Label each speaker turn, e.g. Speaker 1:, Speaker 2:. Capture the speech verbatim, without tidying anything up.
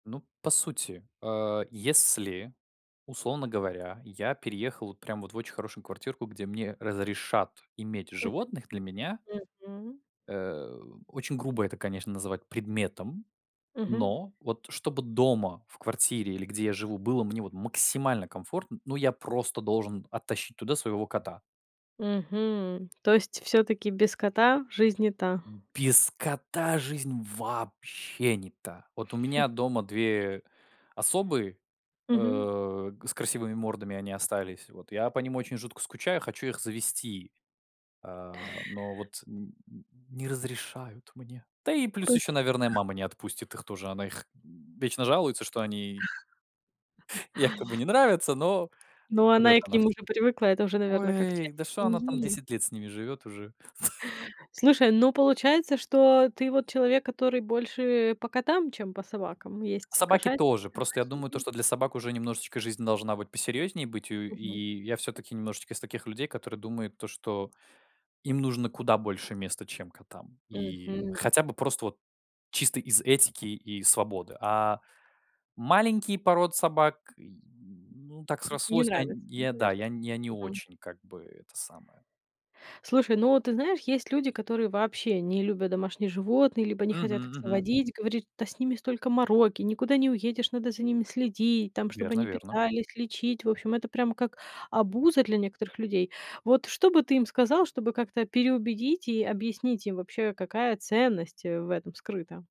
Speaker 1: Ну, по сути, а, если, условно говоря, я переехал вот прям вот в очень хорошую квартирку, где мне разрешат иметь
Speaker 2: [unintelligible]
Speaker 1: животных. Для меня
Speaker 2: .Мгм.
Speaker 1: Э, очень грубо это, конечно, называть предметом.
Speaker 2: Мгм.
Speaker 1: Но, вот чтобы дома, в квартире или где я живу было мне вот максимально комфортно, ну, я просто должен оттащить туда своего кота.
Speaker 2: Мгм. То есть, всё-таки без кота жизнь не та.
Speaker 1: Без кота жизнь вообще не та. Вот у меня дома две особы,
Speaker 2: Мгм.
Speaker 1: э, г с красивыми мордами они остались. Вот я по ним очень жутко скучаю, хочу их завезти. А, но вот н н не разрешают мне, да, и плюс ещё,
Speaker 2: Поче
Speaker 1: наверное, мама не отпустит их тоже. Она их вечно жалуется что они якобы не нравятся, но
Speaker 2: Ну,
Speaker 1: врёт
Speaker 2: она и к
Speaker 1: она
Speaker 2: ним
Speaker 1: всё.
Speaker 2: уже привыкла. Это уже, наверно, как часть
Speaker 1: Ой, да, шо она там
Speaker 2: семьи.
Speaker 1: десять лет с ними живёт уже.
Speaker 2: Слушай, ну, получается, что ты вот человек, который больше по котам, чем по собакам? Есть
Speaker 1: Собаки
Speaker 2: кошатники,
Speaker 1: тоже, просто я думаю, то
Speaker 2: собачники.
Speaker 1: что для собак уже немножечко жизнь должна быть посерьёзнее быть у
Speaker 2: Мгм.
Speaker 1: и я всё-таки немножечко из таких людей, которые думают, то что им нужно куда больше места, чем котам. И
Speaker 2: Мгм.
Speaker 1: хотя бы просто вот чисто из этики и свободы. А маленькие породы собак й м, ну так
Speaker 2: Н не
Speaker 1: срослось онь
Speaker 2: нравятся, да,
Speaker 1: я, да,
Speaker 2: наверно?
Speaker 1: я я не
Speaker 2: Мгм.
Speaker 1: очень, как бы, это самое.
Speaker 2: Слушай, ну вот, ты знаешь, есть люди, которые вообще не любят домашних животные, либо не хотят их
Speaker 1: Мгм мгм.
Speaker 2: заводить, говорят что, да, с ними столько мороки, никуда не уедешь, надо за ними следить, там, чтоб
Speaker 1: Верно
Speaker 2: они
Speaker 1: верно.
Speaker 2: питались, лечить. В общем, это прям как обуза для некоторых людей. Вот что бы ты им сказал, чтобы как-то переубедить и объяснить им вообще, какая ценность, э, в этом скрыта?